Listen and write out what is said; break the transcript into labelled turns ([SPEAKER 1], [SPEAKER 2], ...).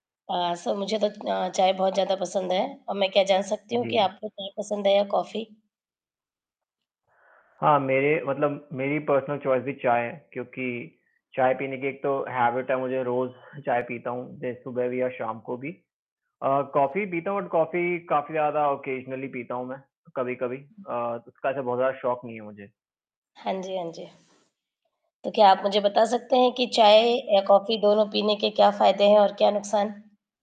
[SPEAKER 1] अ, सो मुझे तो अ, चाय बहुत ज़्यादा पसंद है। और मैं क्या जान सकती हूँ कि
[SPEAKER 2] जी।
[SPEAKER 1] आपको चाय पसंद है या कॉफी?
[SPEAKER 2] हाँ, मेरे मतलब मेरी पर्सनल चॉइस भी चाय है, क्योंकि चाय पीने की एक तो हैबिट है मुझे रोज़, चाय पीता हूँ, जैसे सुबह भी और शाम को भी। अ, कॉफी पीता हूँ बट कॉफी, काफ़ी ज़्यादा ओकेज़नली पीता हूँ मैं, कभी-कभी
[SPEAKER 1] हुँ।
[SPEAKER 2] अ, उसका ऐसा बहुत ज़्यादा शौक नहीं है मुझे।
[SPEAKER 1] हाँ जी, हाँ जी। तो क्या आप मुझे बता सकते हैं, कि चाय या कॉफी दोनों पीने के क्या फायदे हैं और क्या नुकसान?